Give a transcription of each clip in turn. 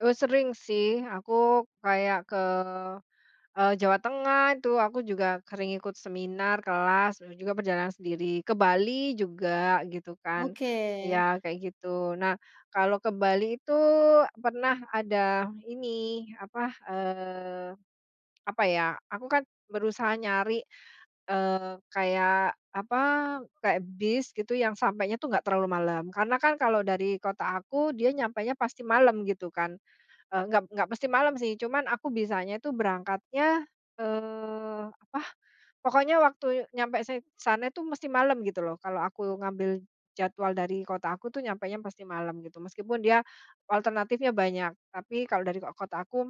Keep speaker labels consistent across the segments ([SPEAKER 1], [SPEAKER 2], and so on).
[SPEAKER 1] Eee, sering sih. Aku, kayak ke, eee, Jawa Tengah itu. Aku juga sering ikut seminar, kelas, dan juga perjalanan sendiri. Ke Bali juga, gitu kan.
[SPEAKER 2] Oke.
[SPEAKER 1] Ya, kayak gitu. Nah, kalau ke Bali itu pernah ada ini, apa, eee, apa ya, aku kan berusaha nyari, eee, kayak apa, kayak bis, gitu yang sampainya tuh enggak terlalu malam. Karena kan, kalau dari kota aku, dia nyampenya pasti malam, gitu kan. Eee, enggak enggak mesti malam sih, cuman aku bisanya itu berangkatnya, eee, apa, pokoknya waktu nyampe san sana itu, mesti malam, gitu lho. Kalau aku ngambil jadwal dari kota aku tuh, nyampenya pasti malam, gitu. Meskipun, dia alternatifnya banyak. Tapi, kalau dari kot kota aku m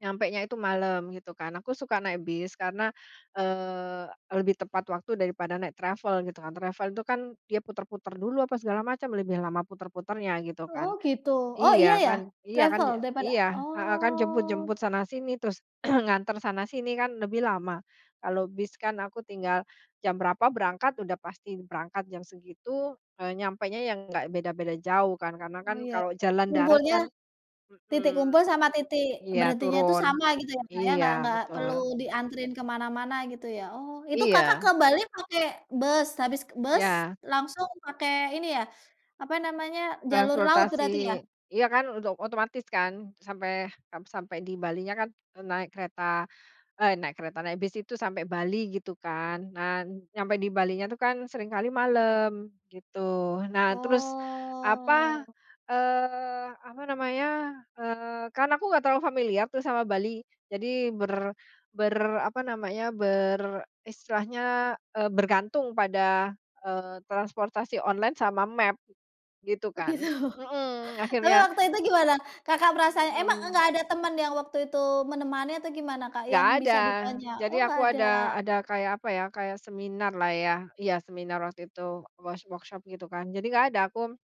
[SPEAKER 1] nyampenya itu malam, gitu kan. Aku suka naik bis karena, eee, lebih tepat waktu daripada naik travel, gitu kan. Travel itu kan, dia putar-putar dulu, apa segala macam, lebih lama putar-putarnya, gitu
[SPEAKER 2] Oh,
[SPEAKER 1] kan.
[SPEAKER 2] gitu. Oh, iya
[SPEAKER 1] Iya,
[SPEAKER 2] iya?
[SPEAKER 1] kan Iya, kan,
[SPEAKER 2] Travel? Daripada
[SPEAKER 1] iya, heeh, kan
[SPEAKER 2] Oh.
[SPEAKER 1] jemput-jemput sana-sini, terus nganter sana-sini, kan lebih lama. Kalau bis kan aku tinggal, jam berapa berangkat, udah pasti berangkat jam segitu. Eee, nyampenya yang enggak beda-beda jauh, kan. Karena
[SPEAKER 2] Oh,
[SPEAKER 1] kan,
[SPEAKER 2] iya.
[SPEAKER 1] kalau
[SPEAKER 2] Titik
[SPEAKER 1] jalan darat
[SPEAKER 2] umpulnya
[SPEAKER 1] kan
[SPEAKER 2] titik
[SPEAKER 1] mhm.
[SPEAKER 2] kumpul sama titik
[SPEAKER 1] Iya
[SPEAKER 2] berhentinya itu
[SPEAKER 1] turun.
[SPEAKER 2] sama, gitu ya, Kak, ya? Enggak
[SPEAKER 1] Iya
[SPEAKER 2] enggak perlu
[SPEAKER 1] betul.
[SPEAKER 2] dianterin ke mana-mana, gitu ya? Oh. Itu Kakak ke
[SPEAKER 1] Iya.
[SPEAKER 2] Bali pakai bus? Habis bus,
[SPEAKER 1] Ya.
[SPEAKER 2] langsung pakai, ini ya apa namanya? Jalur laut, berarti ya?
[SPEAKER 1] Transportasi. Iya, kan? Untuk ot otomatis, kan. Sampai ap sampai di Balinya kan en naik kereta. Eh, naik kereta. Naik bis itu sampai Bali, gitu kan. Nah, nyampai di Balinya itu kan, seringkali malam, gitu. Nah, terus apa,
[SPEAKER 2] Oh.
[SPEAKER 1] eee, apa namanya? Eee, kan aku enggak terlalu familiar tuh, sama Bali. Jadi ber ber apa namanya? Ber istilahnya, eee, bergantung pada, eee, transportasi online, sama map, gitu
[SPEAKER 2] Oh,
[SPEAKER 1] kan
[SPEAKER 2] gitu?
[SPEAKER 1] heeh,
[SPEAKER 2] Tapi
[SPEAKER 1] akhirnya.
[SPEAKER 2] waktu itu gimana, Kakak perasaannya? Emang enggak
[SPEAKER 1] Mhm.
[SPEAKER 2] ada temen yang waktu itu menemani, atau gimana, Kak?
[SPEAKER 1] Enggak
[SPEAKER 2] Yang
[SPEAKER 1] ada.
[SPEAKER 2] bisa ditanya? Oh,
[SPEAKER 1] Jadi aku
[SPEAKER 2] enggak
[SPEAKER 1] ada
[SPEAKER 2] ada.
[SPEAKER 1] ada kayak apa ya, kayak seminar lah, ya, iya, seminar waktu itu. Wors workshop, gitu kan. Jadi, enggak ada. Aku